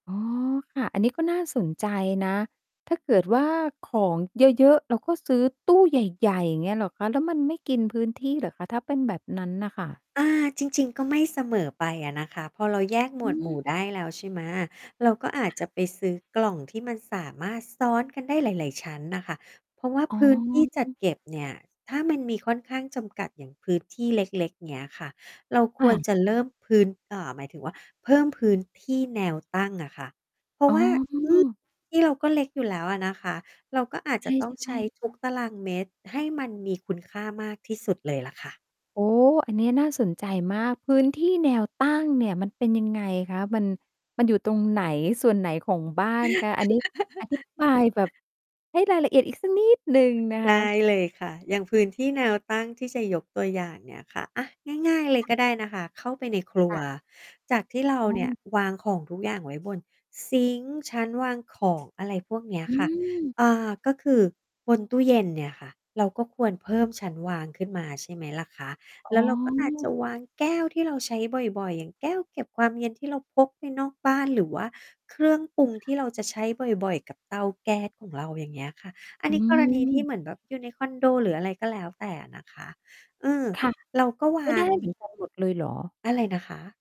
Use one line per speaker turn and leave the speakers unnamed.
อ๋อ ค่ะ อันนี้ก็น่าสนใจนะ ถ้าเกิดว่า ของเยอะ ๆ เราก็ซื้อตู้ใหญ่ ๆ อย่างเงี้ย เหรอคะ แล้วมันไม่กินพื้นที่เหรอคะ ถ้าเป็นแบบนั้นน่ะค่ะ?
อ่า จริง ๆ ก็ไม่เสมอไปอะนะคะ พอเรา แยกหม
อื
วดหมู่
ม
ได้แล้ว ใช่ไหม เราก็
ค
อ
่
าจจ
ะ
ะไปซื้อกล่องที่มันสามารถซ้อนกันได้หลาย ๆ ชั้นน่ะค่ะ เพราะว่า
อ๋
พ
อ
ื้นที่จั
อ
ด
ือ
เก็บเนี่ย ถ้ามันมีค่อนข้างจำกัดอย่างพื้นที่เล็ก ๆ เงี้ยค่ะ เรา
ค
ค
่
วร
ะ
จะเริ่มพื้น อ่า หมายถึงว่า เพิ่มพื้นที่แนวตั้งอะค่ะ เพรา
อ
ะ
๋อ
ว่า อือ ที่เราก็เล็กอยู่แล้วอะนะคะ เราก็อาจ
ใ
จะต้อง
ช
ใช
่
้
ๆ
ทุกตารางเมตร ให้มันมีคุณค่ามากที่สุดเลยล่ะค่ะ
โอ้ อันนี้น่าสนใจมาก พื้นที่แนวตั้งเนี่ย มันเป็นยังไงคะ มัน มันอยู่ตรงไหน ส่วนไหนของบ้านคะ? อันนี้ อธิ บายแบบให้รายละเอียดอีกสักนิดหนึ่งนะค
ได้
ะ
เลยค่ะ อย่างพื้นที่แนวตั้งที่จะยกตัวอย่างเนี่ยค่ะ อา ง่าย ๆ เลย
ค่
ก
ะ
็ได้นะคะ เข้าไปในครั
ค
ว
่ะ
จากที่เรา
อื
เนี่
ม
ยวางของทุกอย่างไว้บนซิงก์ ชั้นวางของ อะไรพวกเนี้ย
อ
ค่ะ
ืม
เอ่อ ก็คือบนตู้เย็นเนี่ยค่ะ เราก็ควรเพิ่มชั้นวางขึ้นมา ใช่ไหมล่ะคะ
อ
แล
๋
้
อ
วเราก็อาจจะวางแก้วที่เราใช้บ่อย ๆ อย่างแก้วเก็บความเย็นที่เราพกไปนอกบ้าน หรือว่าเครื่องปรุง
ค
ท
่
ี่
ะ
เราจะใช้บ่อย ๆ กับเตาแก๊สของเรา อย่างเงี้ยค่ะ อัน
อ
นี้กรณีที่
ืม
เหมือนแบบอยู่ในคอนโด หรืออะไรก็แล้วแต่นะคะ อืม
ค่ะ
เราก็ว
ไม่
า
ได้
ง
เหมือนกันหมด เลยเหรอ?
อะไรนะคะ?